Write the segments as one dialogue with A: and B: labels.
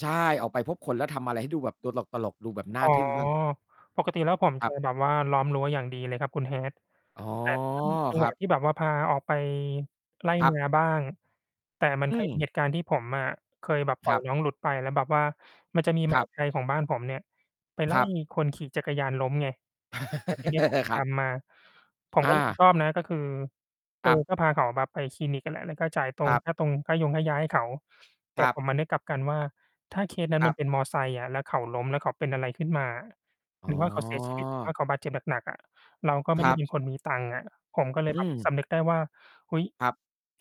A: ใช่ ออกไปพบคนแล้วทำอะไรให้ดูแบบตลก ๆ ดูแบบน่
B: อ๋
A: า
B: อ
A: ทึ่งมาก
B: ปกติแล้วผม
A: คร
B: จ
A: ั
B: ะ
A: บ
B: แบบว่าล้อมรั้วอย่างดีเลยครับคุณ Hat
A: อ๋อ
B: แต่ก็มีจั
A: ค
B: งห
A: ร
B: ว
A: ั
B: ะ
A: บ
B: ที่แบบว่าพาออกไปไร่
A: ครั
B: น
A: บ
B: าบ้าง แต่มัน
A: อื
B: เคย มี
A: ม
B: เหตุการณ์ที่ผมอะเคยแบบ ปล่
A: ค
B: อ
A: ร
B: ย
A: ับ
B: น้องหลุดไป แล้วแบบว่ามันจะมี
A: ค
B: หม
A: ร
B: า
A: ับ
B: ไทย ของบ้านผมเนี่ยไป ไ
A: ค
B: ล่
A: รับ
B: คนขี่จักรยานล้มไง แล้วทีเนี้ย ผมถึง
A: คร
B: ต
A: ั
B: า
A: บ
B: มมา ผม
A: อ
B: ก็รับผิ
A: า
B: ด ชอบนะ ก็คือ เ
A: ค
B: ออ
A: รับ
B: ก็พาเขาแบบไปคลินิก อะ และ แล้วก็จ่ายตร
A: คร
B: ง
A: ับ
B: ค่าตรง ค่ายงค่ายาให้เขา แต
A: ค
B: ่
A: รับ
B: ผมมานึกกลับกันว่า ถ้าเคสนั้
A: ค
B: น
A: ร
B: ม
A: ั
B: ั
A: บ
B: นเป็นมอเตอร์ไซค์อะ แล้วเขาล้ม แล้วเขาเป็นอะไรขึ้นมาอะ
A: อ
B: หร
A: ๋
B: ือว่า เขาเสียชีวิต หรือว่า
A: อ
B: เขาบาดเจ็บหนัก ๆ อะ เราก็ไม
A: ค
B: ่ ไ
A: ร
B: ด้
A: ั
B: เป
A: บ
B: ็นคนมีตังค์อะ ผมก็เลย
A: อื
B: แบบ ส
A: ม
B: ำนึกได้ว่า เฮ้ย
A: ครับ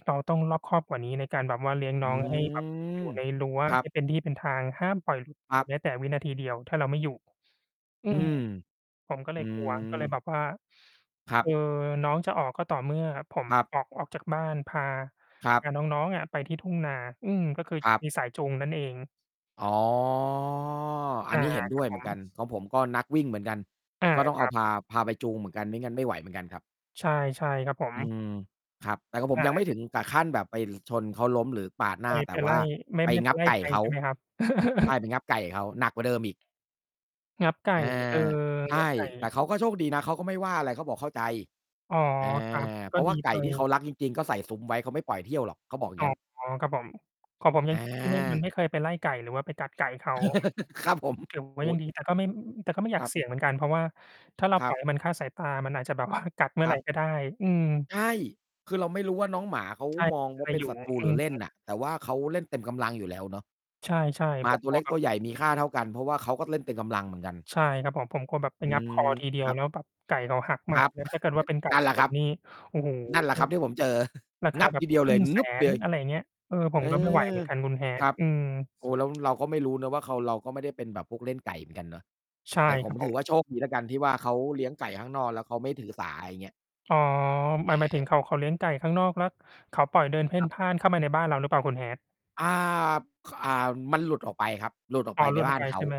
B: เราต้องรอบคอบกว่านี้ในการแบบว่าเลี้ยง
A: อ
B: น้
A: ื
B: อง แล้ว ให้ แบบอ
A: ม
B: ยู่ ในรั้ว
A: ครั
B: ให
A: บ
B: ้เป็นที่เป็นทาง ห้ามปล่อย
A: ครับ
B: แม้แต่วินาทีเดียว ถ้าเราไม่อยู่ อื
A: อื
B: ม
A: ม
B: ผมก็
A: อ
B: เล
A: ื
B: ย กลัว ก็เลย แบ
A: ม
B: บว่า
A: ครั
B: เ
A: บ
B: อ่อ น้องจะออกก็ต่อเมื่อผม
A: ครับ
B: ออก ออกจากบ้าน พา
A: ครับ
B: พาน้อง ๆ อะไปที่ทุ่งนา อืม ก็คือ
A: ครับ
B: มีสายจูงนั่นเอง
A: อ๋อ อั
B: อ
A: น
B: า
A: นี้เห็นด
B: ค
A: ้
B: รั
A: ว
B: บ
A: ยเ
B: ผ
A: หมือนก
B: ม
A: ัน ของผมก็นักวิ่งเหมือนกัน
B: อา
A: ก็ต้องเ
B: ค
A: อา
B: รับ
A: พา พาไปจูงเหมือนกัน ไม่งั้นไม่ไหวเหมือนกันครับ
B: ใช่ ใช่ครับผ
A: อื
B: ม
A: ม ครับ แต่ของผ
B: อ
A: ม
B: ะ
A: ยัง
B: ฮ
A: ไม
B: ะ
A: ่ถึงกับขั้นแบบไป หรือ ชนเขาล้มหรือปาดหน
B: ไ
A: ้
B: ป
A: า แต
B: ไป
A: ่ว
B: ไล
A: ่
B: ่
A: า
B: ไม่
A: ไป
B: ไม่ไ
A: ง
B: ป
A: ับ
B: ไล่
A: ไก่
B: ใคร
A: เขา
B: ใช่ไหมครับ?
A: ใช่ เป็นงับไก่เขา หนักกว่าเดิมอีก
B: งับไก่
A: อา
B: เออ
A: ใช
B: งับ
A: ่
B: ไก่
A: แต่เขาก็โชคดีนะ เขาก็ไม่ว่าอะไร เขาบอก "เข้าใจ"
B: อ๋อ
A: อา
B: ครับ ก
A: เพ
B: ็
A: ราะว
B: ดี
A: ่าไก
B: ไป
A: ่ที่เขารัก จริง ๆ ก็ใส่ซุ้ม ไว้ เขาไม่ปล่อยเที่ยวหรอก เขาบอกอย่
B: อ
A: าง
B: ๋อ
A: งั้น
B: ครับผม ของผม ย
A: อ
B: ัง ที่ไม่ มัน
A: า
B: ไม่เคยไปไล่ไก่หรือว่าไปกัดไก่เขา
A: ครับผม
B: [unintelligible] ถือว
A: โ
B: ่
A: อ
B: า
A: ้
B: ยังดี แต่ก็ไม่ อึ อึ อึ แต่ก็ไม่อย
A: ค
B: าก
A: รับ
B: เสี่ยงเหมือนกัน เพราะว่าถ้าเรา
A: คร
B: ป
A: ั
B: ล่อ
A: บ
B: ย ให้มันคลาดสายตา มันอาจจะแบบ ว่า กัด เมื่
A: ค
B: อ
A: ร
B: ไร
A: ับ
B: ก็ได้ อืม
A: ใช่ คือเราไม่รู้ว่าน้องหมาเขา
B: ใช่
A: มองว
B: ใ
A: ่
B: ค
A: า
B: ร
A: เป็น
B: อยู่
A: ศั
B: ไง
A: ตรู
B: อื
A: หรือเล่น
B: ม
A: น่ะ แต่ว่าเขาเล่นเต็มกำลังอยู่แล้วเนาะ
B: ใช่
A: หม
B: ๆ
A: า
B: ผม
A: ตัว
B: กล
A: เ
B: ั
A: ล็
B: ว
A: ก
B: แบ
A: ต
B: บ
A: ัวใหญ่มีค่าเท่ากัน เพราะว่าเขาก็เล่นเต็มกำลังเหมือนกัน
B: ใช่ครับผม ผมกลัวแบบ ไป
A: อื
B: งับ
A: ม
B: คอ ทีเดี
A: ค
B: ยว
A: รับ
B: แล้วแบบไก่เขาหัก ม
A: ค
B: า
A: รับ
B: เนี่ย ถ้าเกิดว่า เป็น ไก่
A: นั่นแหล
B: ช
A: ะคร
B: น
A: ับ
B: นี่ โอ้โฮ
A: นั่นแหละครับที่ผมเจอ
B: ราค
A: ง
B: า
A: ับ
B: แบ
A: ท
B: บ
A: ีเดียว
B: คร
A: เล
B: ึ่
A: ย
B: งแส
A: งึบ เ
B: น
A: ลย
B: อะไรอย่างเงี้ย เออ ผ
A: เ
B: ม
A: อ
B: ก็ ไม่ไหวเ
A: อ
B: หมือนกันคุณ
A: ค
B: Hat
A: รับ
B: อืม
A: โอ้ แล้วเราก็ไม่รู้เนาะว่า เขา เราก็ไม่ได้เป็นแบบพวกเล่นไก่เหมือนกันเนาะ
B: ใช่
A: แต่ข
B: คร
A: ม
B: ับผ
A: ถื
B: ม
A: อว่า โชคดีแล้วกัน ที่ว่า เขาเลี้ยงไก่ข้างนอกแล้วเขาไม่ถือสา ไรเงี้ย
B: อ๋อ ห
A: เ
B: มาย หมายถึ
A: อ
B: ง
A: อ
B: เขา เขาเลี้ยงไก่ข้างนอก แล้วเขาปล่อยเดินเพ่
A: ค
B: น
A: รับ
B: พ่านเข้ามาในบ้านเราหรือเปล่า? คุณ Hat
A: อ่า บ ข อ่า มันหลุดออกไปครับ หลุดออก
B: อ
A: ไ
B: ๋อ
A: ป
B: ห
A: ไป
B: ลุดอ
A: บ้
B: อ
A: า
B: กไ
A: น
B: ป
A: เข
B: ใช
A: า
B: ่ไหม?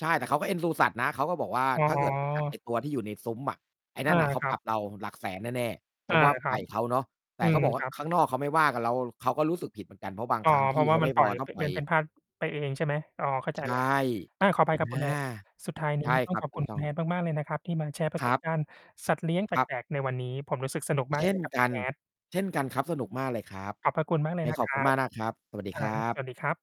A: ใช่ แต่เขาก็ เอ็นดู สัตว์นะ เขาก็บอกว่า
B: อ๋
A: "ถ้าเกิด ไปกัด
B: อ
A: ไอ้ตัวที่อยู่ในซุ้มอะ ไอ้น
B: อ
A: ั
B: า
A: ่นน่ะ เขา
B: ครั
A: ป
B: บ
A: รับเราหลักแสนแน่ ๆ" เพ
B: อ
A: ร
B: า
A: าะว่า
B: คร
A: ไ
B: ั
A: ก
B: บ
A: ่เขาเนาะ แ
B: อ
A: ต
B: ื
A: ่เข
B: ม
A: าบอกว่
B: ค
A: า
B: รับ
A: "ข้างนอกเขาไม่ว่ากับเรา เขาก็รู้สึกผิดเหมือนกัน" เพราะบาง
B: อ๋อ
A: ครั้ง
B: เพ
A: ท
B: รา
A: ี่
B: ะว
A: เ
B: ่
A: ข
B: า
A: า
B: มั
A: ไม
B: น
A: ่
B: ปล
A: พ
B: ่อ
A: อ
B: ย
A: ต้
B: ป
A: องป
B: เ
A: ล
B: ด
A: ่
B: ิ
A: อย
B: นเพ่นพ่านไปเอง ใช่ไหม อ๋อ เข้าใ
A: ใ
B: จ
A: ช
B: แ
A: ่
B: ล้ว อา ขออภ
A: อ
B: ัย
A: ะ
B: ครับ
A: น
B: คุ
A: ่
B: ณ
A: า
B: Hat สุดท้าย
A: ใ
B: น
A: ช
B: ี้
A: ่
B: ต้
A: ค
B: อ
A: ร
B: ง
A: ับ
B: ขอบ
A: ถ
B: ค
A: ู
B: ุ
A: ก
B: ณ
A: ต
B: ค
A: ้
B: ุ
A: อ
B: ณ
A: ง
B: Hat มาก ๆ เลยนะครับ ที่มาแชร์ ประ
A: ค
B: ส
A: รั
B: บ
A: บ
B: การณ์สัตว์เลี้ยงแป
A: ครับ
B: ลก ๆ ในวันนี้ ผมรู้สึกสนุก มา
A: เช
B: ก
A: ่
B: เล
A: น
B: ยครับค
A: ก
B: ุ
A: ั
B: ณ
A: น
B: Hat
A: เช่นกันครับ สนุกมากเลยครับ
B: ขอบพระคุณมากเล
A: ไง
B: ย นะ
A: ขอ
B: ค
A: บค
B: ร
A: ุ
B: ั
A: ณม
B: บ
A: ากนะครับ สวัสดี
B: คร
A: ค
B: ั
A: ร
B: บ
A: ับ
B: สวัสดีครับ